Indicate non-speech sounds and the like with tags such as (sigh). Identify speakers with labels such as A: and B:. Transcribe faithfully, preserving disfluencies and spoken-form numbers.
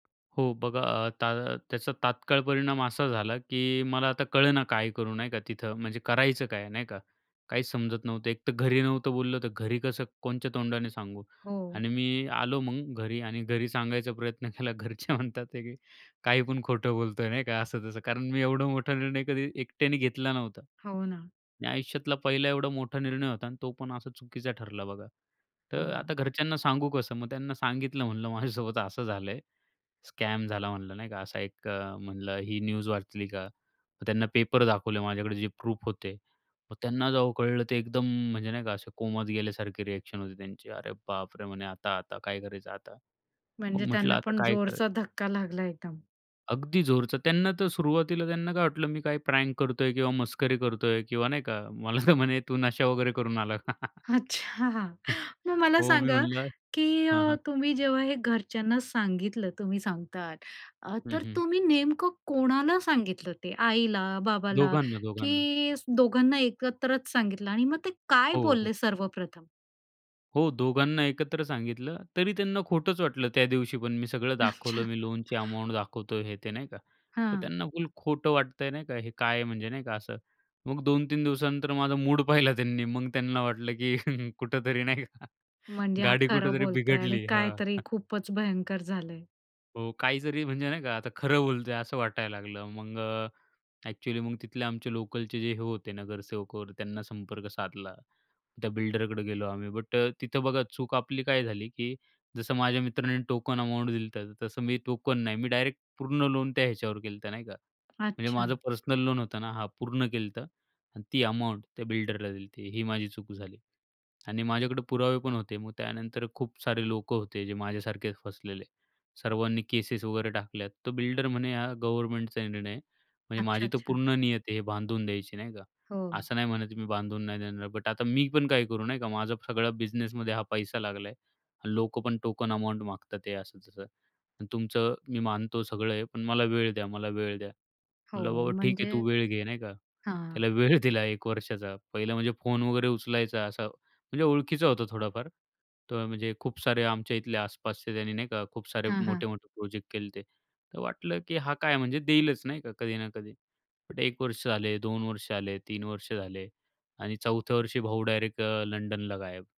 A: हो बघा, आता त्याचा तात्काळ परिणाम असा झाला, की मला आता कळेना काय करू नाही का तिथं, म्हणजे करायचं काय नाही का? काहीच समजत नव्हतं. एक तर घरी नव्हतं बोललं, तर घरी कसं कोणच्या तोंडाने सांगू.
B: हो.
A: आणि मी आलो मग घरी आणि घरी सांगायचा प्रयत्न केला. घरचे म्हणतात की काही पण खोटं बोलतोय नाही का, असं तसं. कारण मी एवढा मोठा निर्णय कधी एकट्याने घेतला नव्हता.
B: हो ना.
A: आणि आयुष्यातला पहिला एवढा मोठा निर्णय होता आणि तो पण असा चुकीचा ठरला बघा. तर
B: हो.
A: आता घरच्यांना सांगू कसं? मग त्यांना सांगितलं, म्हणलं माझ्यासोबत असं झालंय. स्कॅम झाला म्हणलं नाही का. असा एक अ, म्हणलं ही न्यूज वाचली का? त्यांना पेपर दाखवले, माझ्याकडे जे प्रूफ होते. मग त्यांना जेव्हा कळलं ते एकदम म्हणजे नाही का, असे कोमात गेल्यासारखे रिएक्शन होते त्यांची. अरे बापरे! म्हणे आता आता काय करायचं आता?
B: म्हणजे
A: मग म्हटलं,
B: त्यांना
A: आता
B: पण
A: काय करायचं?
B: जोरचा धक्का लागला एकदम.
A: अगदी जोरचा. त्यांना तर सुरुवातीला त्यांना काय वाटलं, मी काय प्रँक करतोय किंवा मस्करी करतोय किंवा नाही का. मला तर म्हणे, "तू नशा वगैरे करून आला का?" (chuckles)
B: अच्छा, मग
A: (chuckles)
B: मला
A: हो, मी
B: सांगा
A: म्हणलं
B: की
A: हां,
B: अ,
A: हां.
B: तुम्ही जेव्हा हे घरच्यांना सांगितलं तुम्ही सांगता अ,
A: हं,
B: तर
A: हं.
B: तुम्ही नेमकं कोणाला सांगितलं? ते आईला, बाबाला
A: दोघांना, दोघांना.
B: की दोघांना एकत्रच सांगितलं? आणि मग ते काय
A: हो, हो.
B: बोलले सर्वप्रथम?
A: हो, दोघांना एकत्र सांगितलं तरी त्यांना खोटंच वाटलं त्या दिवशी, पण मी सगळं दाखवलं.
B: अच्छा.
A: मी लोनची अमाउंट दाखवतोय हे ते नाही का. तर
B: हां.
A: त्यांना फुल खोटं वाटतंय नाही का, हे काय आहे म्हणजे नाही का असं. मग दोन तीन दिवसानंतर माझा मूड पाहिला त्यांनी. मग त्यांना वाटलं, की (chuckles) कुठेतरी नाही का
B: म्हणजे हा
A: गाडी
B: खरं
A: कुठेतरी
B: बोलताय आणि
A: बिघडली.
B: काहीतरी
A: हां.
B: खूपच भयंकर झालंय.
A: हो, काही जरी म्हणजे नाही का, आता खरं बोलतो आहे असं वाटायला लागलं. मग अ, एक्चुअली मग तिथले आमचे लोकलचे जे हे होते नगरसेवकवर त्यांना संपर्क साधला. त्या बिल्डरकडे गेलो आम्ही. बट अ, तिथं बघा चूक आपली काय झाली, की जसं माझ्या मित्रांनी टोकन अमाउंट दिली, तर तसं मी टोकन नाही, मी डायरेक्ट पूर्ण लोन त्या ह्याच्यावर केलं तर नाही का. म्हणजे
B: अच्छा.
A: माझं पर्सनल लोन होतं ना हां, पूर्ण केलं तर आणि ती अमाउंट त्या बिल्डरला दिली. ते ही माझी चूक झाली आणि माझ्याकडे पुरावे पण होते. मग त्यानंतर खूप सारे लोकं होते जे माझ्यासारखे फसलेले. सर्वांनी केसेस वगैरे टाकल्या, तर बिल्डर म्हणे हा गव्हर्नमेंटचा निर्णय आहे. म्हणजे
B: अच्छा,
A: माझी तर
B: अच्छा.
A: पूर्ण नियत आहे हे बांधून द्यायची नाही का?
B: हो.
A: असं नाही म्हणत मी बांधून नाही देणार, बट आता मी पण काही करू नाही का, माझं सगळं बिझनेसमध्ये हा पैसा लागला आहे. लोकं पण टोकन अमाउंट मागत आहे. असं तसं, तुमचं मी मानतो सगळं आहे, पण मला वेळ द्या, मला वेळ द्या.
B: हो,
A: म्हटलं बाबा ठीक आहे,
B: म्हणजे
A: तू वेळ घे नाही का.
B: हां.
A: त्याला वेळ दिला एक वर्षाचा. पहिलं म्हणजे फोन वगैरे उचलायचा. असा म्हणजे ओळखीचं होतं थोडाफार, तर म्हणजे खूप सारे आमच्या इथले आसपासचे त्यांनी नाही का, खूप सारे
B: हां, हां.
A: मोठे-मोठे प्रोजेक्ट केलेते. तर वाटलं की हा काय म्हणजे देईलच नाही का कधी ना कधी, पण एक वर्ष झाले, दोन वर्ष झाले, तीन वर्ष झाले आणि चौथ्या वर्षी भाऊ डायरेक्ट अ, लंडनला गायब.